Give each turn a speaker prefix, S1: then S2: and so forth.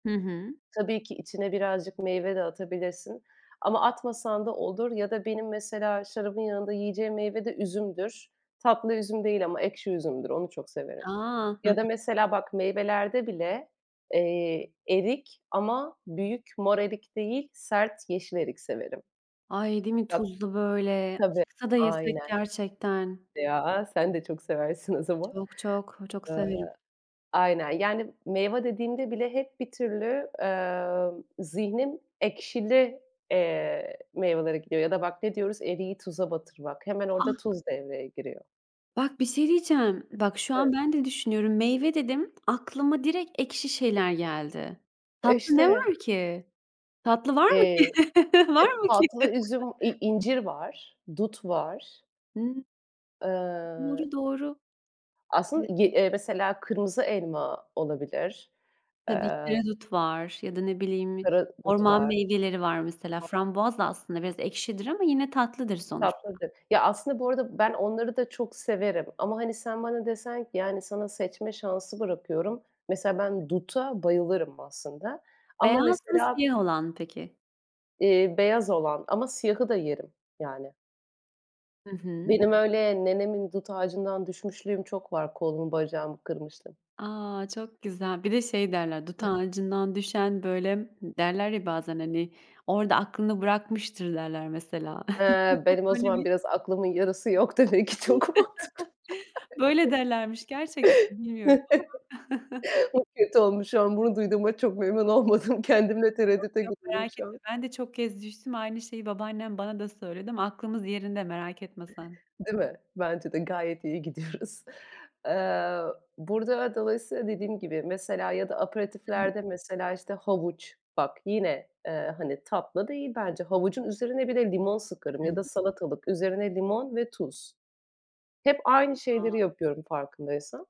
S1: Hı hı.
S2: Tabii ki içine birazcık meyve de atabilirsin ama atmasan da olur ya da benim, mesela, şarabın yanında yiyeceğim meyve de üzümdür. Tatlı üzüm değil ama ekşi üzümdür, onu çok severim.
S1: A! Hı hı.
S2: Ya da, mesela, bak meyvelerde bile, eee, erik ama büyük, mor erik değil, sert, yeşil erik severim.
S1: Ay, değil mi
S2: Bak
S1: tuzlu, böyle?
S2: Tabii,
S1: Çıksa da yesek
S2: aynen.
S1: gerçekten.
S2: Ya, sen de çok seversin o zaman.
S1: Çok, çok. Çok
S2: Iıı,
S1: severim.
S2: aynen. Yani, meyve dediğimde bile hep bir türlü, emm, zihnim ekşili, eee, meyvelere gidiyor ya da bak ne diyoruz, eriği tuza batırmak. Hemen orada
S1: Ah!
S2: tuz devreye giriyor.
S1: Bak, bir şey diyeceğim. Bak, şu an
S2: Evet.
S1: ben de düşünüyorum. Meyve dedim. Aklıma direkt ekşi şeyler geldi.
S2: E,
S1: Tatlı ne
S2: işte.
S1: var ki? Tatlı var mı ki?
S2: Eee,
S1: Var
S2: hep
S1: mı ki?
S2: tatlı üzüm, i incir var, dut var.
S1: Hı.
S2: Iıı
S1: Doğru, doğru. Evet.
S2: Aslın gi eee, mesela, kırmızı elma olabilir.
S1: Tabii ki
S2: Eee
S1: de dut var. Ya da ne bileyim,
S2: Karadut
S1: orman
S2: var.
S1: meyveleri var, mesela. Frambuaz da aslında biraz ekşidir ama yine tatlıdır sonuçta.
S2: Tatlıdır. Ya, aslında bu arada ben onları da çok severim. Ama, hani, sen bana desen ki, yani, "Sana seçme şansı bırakıyorum." Mesela, ben duta bayılırım, aslında. Ama
S1: Beyaz mı,
S2: mesela
S1: siyah olan mı peki?
S2: iii, beyaz olan ama siyahı da yerim, yani.
S1: Hı hı.
S2: Benim öyle nenemin dut ağacından düşmüşlüğüm çok var. Kolumu, bacağımı kırmışlığım.
S1: A! Çok güzel. Bir de şey derler, "Dut ağacından düşen" böyle, derler ya bazen, hani, "Orada aklını bırakmıştır." derler, mesela.
S2: Eee, benim o
S1: Öyle
S2: zaman
S1: bir
S2: biraz aklımın yarısı yok demek ki çok mantıklı.
S1: Böyle derlermiş gerçekten, bilmiyorum ama.
S2: Çok kötü olmuş ama bunu duyduğuma çok memnun olmadım. Kendimle
S1: Yok,
S2: tereddütte
S1: yok
S2: gibiyim
S1: merak
S2: şu
S1: etme.
S2: an.
S1: Ben de çok kez düştüm, aynı şeyi babaannem bana da söyledi ama aklımız yerinde, merak etme sen.
S2: Değil mi? Bence de. Gayet iyi gidiyoruz. Eee, burada dolayısıyla dediğim gibi, mesela, ya da
S1: I hı.
S2: aperitiflerde, mesela, işte, havuç, bak yine, eee, hani, tatlı değil bence. Havucun üzerine bir de limon
S1: I
S2: sıkarım ya da
S1: hı.
S2: salatalık üzerine limon ve tuz. Hep aynı şeyleri
S1: [unintelligible]
S2: yapıyorum farkındaysan.